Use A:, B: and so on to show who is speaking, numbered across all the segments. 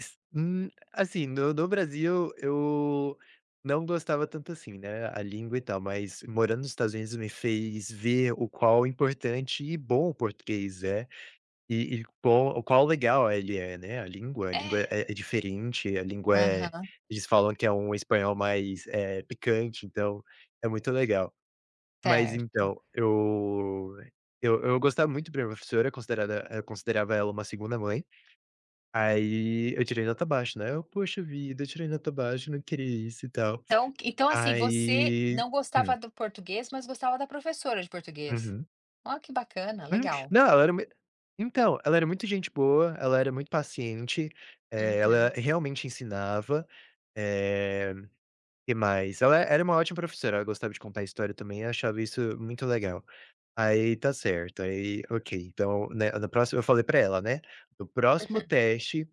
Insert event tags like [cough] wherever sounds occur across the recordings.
A: S hum. Assim, no no Brasil eu não gostava tanto, assim, né. A língua e tal. Mas morando nos Estados Unidos me fez ver o qual importante e bom o português é. E e quão qual legal ele é, né. A língua língua
B: É?
A: é é diferente. A língua é
B: Aham.
A: eles falam que é um espanhol mais, eh, picante. Então é muito legal. Mas,
B: Certo.
A: então, eu eu eu gostava muito da minha professora. Considerada eu considerava ela uma 2ª mãe. Aí, eu tirei nota baixa, né. Eu: “Poxa vida. Eu tirei nota baixa. Não queria isso”, e tal.
B: Então então, assim, você
A: Aí
B: não
A: hum.
B: gostava do português, mas gostava da professora de português.
A: Uhum.
B: Ó, que bacana,
A: Hum,
B: legal.
A: não, ela era uma e então, ela era muito gente boa. Ela era muito paciente. Eh, ela
B: Uhum.
A: realmente ensinava. Eh, que mais? Ela era uma ótima professora. Ela gostava de contar história também e eu achava isso muito legal. Aí tá certo. Aí, ok, então, né, no próximo eu falei pra ela, né: “No próximo
B: Uhum.
A: teste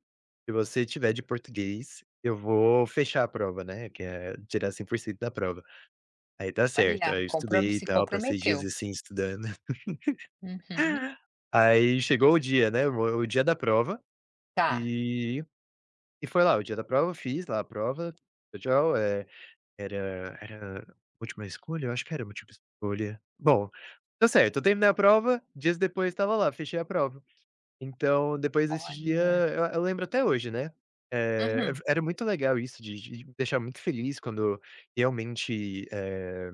A: que você tiver de português, eu vou fechar a prova”, né? Que é tirar 100% da prova. Aí tá certo.
B: Olha,
A: Aí eu
B: comprome
A: estudei
B: se
A: e
B: se
A: tal. Passei dias,
B: comprometeu.
A: assim, estudando. [laughs]
B: Uhum.
A: Aí chegou o dia, né. Mo o dia da prova.
B: Tá.
A: E e foi lá o dia da prova. Fiz lá a prova. Legal, eh, "era era múltipla escolha. Eu acho que era múltipla escolha". Bom, tá certo. Eu terminei a prova, dias depois, estava lá: fechei a prova. Então, depois desse dia,
B: Olha.
A: eu eu lembro até hoje, né, eh, é v
B: Uhum.
A: era muito legal isso de de me deixar muito feliz quando, realmente, eh,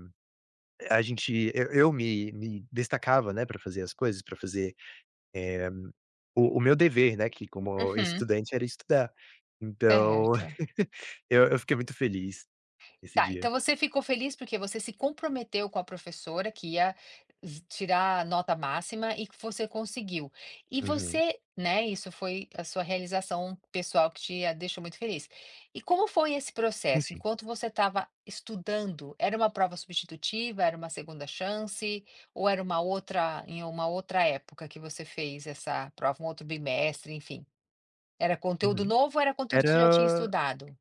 A: a gente eu eu me me destacava, né, pra fazer as coisas pra fazer, eh, o o meu dever, né, que, como
B: Uhum.
A: estudante, era estudar. Então,
B: Certo.
A: [chuckles] eu eu fiquei muito feliz esse
B: Tá.
A: dia.
B: Então você ficou feliz porque você se comprometeu com a professora que ia z tirar nota máxima e que você conseguiu. E
A: Uhum.
B: você né, Isso foi a sua realização pessoal que te a deixou muito feliz. E como foi esse
A: Hum,
B: processo?
A: sim.
B: Enquanto você estava estudando, era uma prova substitutiva? Era uma 2ª chance? Ou era uma outra em uma outra época que você fez essa prova? Um outro bimestre, enfim. Era conteúdo
A: Uhum.
B: novo? Ou era conteúdo que você
A: Era
B: já tinha estudado?